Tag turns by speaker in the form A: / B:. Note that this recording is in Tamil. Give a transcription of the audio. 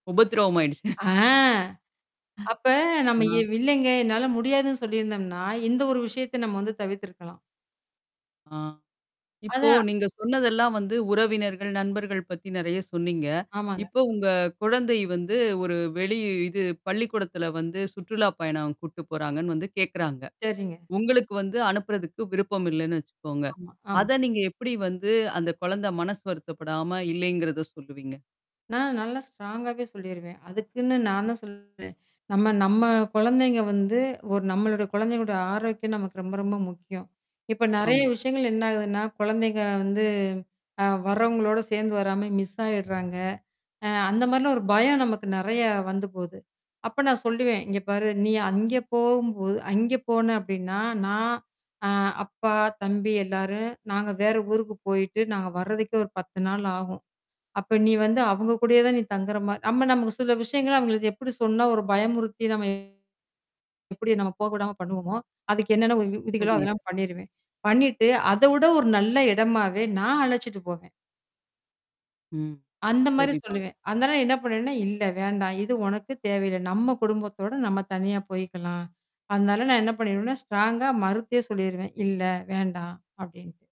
A: உபத்திரவம் ஆயிடுச்சு.
B: ஆ.
A: அஹ்
B: அப்ப நாம எ
A: ஆ
B: இல்லங்க என்னால முடியாதுன்னு சொல்லியிருந்தம்ன்னா, இந்த ஒரு விஷயத்த நம்ம வந்து தவிர்த்து இருக்கலாம்.
A: ஆ, இப்போ
B: அதான்.
A: நீங்க சொன்னதெல்லாம் வந்து உறவினர்கள், நண்பர்கள் பத்தி நிறைய சொன்னீங்க.
B: ஆமாங்க.
A: இப்போ உங்க குழந்தை வந்து ஒரு வெளி இது பள்ளிக்கூடத்தில வந்து சுற்றுலாப் பயணம் கூட்டிட்டு போறாங்கன்னு வந்து கேட்குறாங்க!
B: சரிங்க.
A: உங்களுக்கு வந்து அனுப்புறதுக்கு விருப்பம் இல்லன்னு வச்சுக்கோங்க!
B: ஆமா ஆம்.
A: அத நீங்க எப்பிடி வந்து அந்த குழந்த மனசு வருத்தப்படாம இல்லேங்கிறத சொல்லுவீங்க?
B: நான் நல்லா ஸ்ட்ராங்காகவே சொல்லிருவேன். அதுக்குன்னு நான் தான் சொல்லுறேன், நம்ம, நம்ம குழந்தைங்க வந்து ஒரு நம்மளோட குழந்தைங்களோட ஆரோக்கியம் நமக்கு ரொம்ப, ரொம்ப முக்கியம். இப்ப நிறைய
A: ஆமா.
B: விஷயங்கள் என்ன ஆகுதுன்னா, குழந்தைக வந்து அ வர்றவங்களோட சேர்ந்து வராம மிஸ் ஆயிட்றாங்க. அ அந்த மாரிலாம் ஒரு பயம் நமக்கு நிறையா வந்து போது. அப்ப நான் சொல்லுவேன், இங்கே பாரு! நீ அங்கே போம்போது அங்கே போன அப்பிடின்னா, நான் ஆ அப்பா, தம்பி எல்லாரும் நாங்க வேற ஊருக்கு போயிட்டு நாங்க வர்றதுக்கே ஒரு 10 நாள் ஆகும். அப்ப நீ வந்து அவுங்க கூடயே தான் தங்குற மா நம்ம நமக்கு சில விஷயங்கள அவுங்களுக்கு எப்பிடி சொன்னா ஒரு பயமுறுத்தி நம்ம எப்பிடி நாம் போக விடாம பண்ணுவோமோ! அதுக்கு என்னென்ன விதிகளோ,
A: புரியுது.
B: அதெல்லாம் பண்ணிருவேன். பண்ணிட்டு அதவிட ஒரு நல்ல இடமாவே நான் அலச்சிட்டு போவேன்.
A: ம்.
B: அந்தமாரி
A: சரி தான்.
B: சொல்லுவேன். அதனால என்ன பண்ணேன்னா, இல்ல வேண்டாம். இது உனக்கு தேவையில்ல. நம்ம குடும்பத்தோட நம்ம தனியாக போயிக்கலாம். அதனால நான் என்ன பண்ணிருவேன்னா, ஸ்ட்ராங்காக மறுத்தே சொல்லிருவேன் "இல்ல வேண்டாம் அப்பிடின்ட்டு."